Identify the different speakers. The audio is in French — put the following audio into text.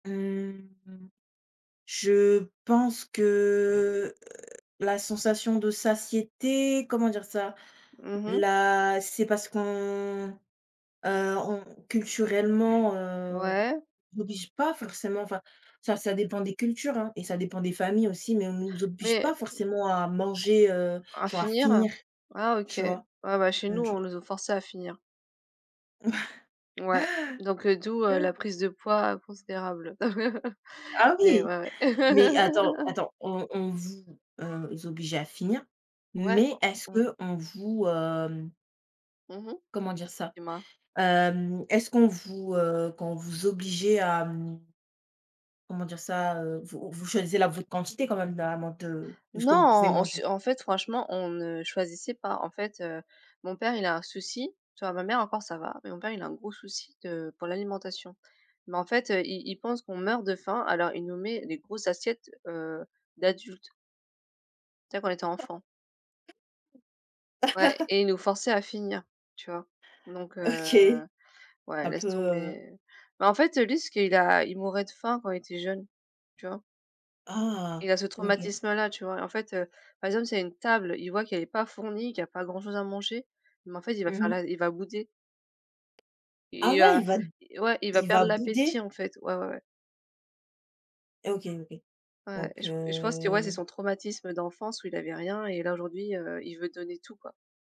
Speaker 1: Mmh, je pense que, heu, la sensation de satiété, comment dire ça?
Speaker 2: Mmh mh.
Speaker 1: La c'est parce qu'on, heu, on culturellement, heu,
Speaker 2: Ouais.
Speaker 1: on oblige pas forcément enfin, ça ça dépend des cultures, hein, et ça dépend des familles aussi, mais on nous oblige
Speaker 2: Mais
Speaker 1: pas forcément à manger, heu,
Speaker 2: À
Speaker 1: genre à
Speaker 2: finir?
Speaker 1: finir,
Speaker 2: Ah OK.
Speaker 1: tu vois?
Speaker 2: Ah bah chez
Speaker 1: Mmh,
Speaker 2: nous,
Speaker 1: tu
Speaker 2: on
Speaker 1: vois.
Speaker 2: nous o forçait à finir. Ouais, donc, heu, d'où, heu, la prise de poids considérable.
Speaker 1: Ah
Speaker 2: Mais
Speaker 1: oui,
Speaker 2: ouais, ouais.
Speaker 1: mais attends attends. On on vous, heu, obligeait à finir,
Speaker 2: Ouais.
Speaker 1: mais est-ce
Speaker 2: Mmh.
Speaker 1: qu'on vous, hem
Speaker 2: Mmh mh.
Speaker 1: comment dire ça?
Speaker 2: Dis moi.
Speaker 1: Hem, est-ce qu'on vous, heu, quand on vous obligeait à, mmh, comment dire ça, heu? Vous vous choisissez la votre quantité quand même, là, amant de de ce
Speaker 2: Non!
Speaker 1: que vous pouvez
Speaker 2: En s
Speaker 1: manger?
Speaker 2: en fait, franchement, on ne choisissait pas. En fait, heu, mon père, il a un souci. Tu vois, ma mère, encore, ça va, mais mon père, il a un gros souci de pour l'alimentation, mais en fait, heu, il il pense qu'on meurt de faim alors il nous met les grosses assiettes, heu, d'adultes. Tu sais quand on était enfant. Ouais et il nous forçait à finir, tu vois? Donc heu,
Speaker 1: OK,
Speaker 2: ouais,
Speaker 1: un
Speaker 2: laisse
Speaker 1: peu, heu.
Speaker 2: tomber, mais en fait, heu, lui ce qu'il a il mourait de faim quand il était jeune, tu vois?
Speaker 1: Ah!
Speaker 2: Il a ce
Speaker 1: OK.
Speaker 2: traumatisme-là, tu vois? Et en fait, heu, par exemple s'il y a une table, il voit qu'elle est pas fournie, qu'il y pas grand chose à manger mais en fait, il va
Speaker 1: Mmh
Speaker 2: faire la
Speaker 1: mh.
Speaker 2: il va bouder.
Speaker 1: Ah
Speaker 2: Il, heu,
Speaker 1: ouais, il va
Speaker 2: i ouais, il va
Speaker 1: il va
Speaker 2: perdre
Speaker 1: bouder?
Speaker 2: l'appétit, en fait. Ouais, ouais, ouais.
Speaker 1: Et OK OK,
Speaker 2: Ouais, et
Speaker 1: donc
Speaker 2: je p et je pense c'est, ouais, c'est
Speaker 1: heu
Speaker 2: son traumatisme d'enfance où il avait rien et là, aujourd'hui, heu, il veut donner tout quoi.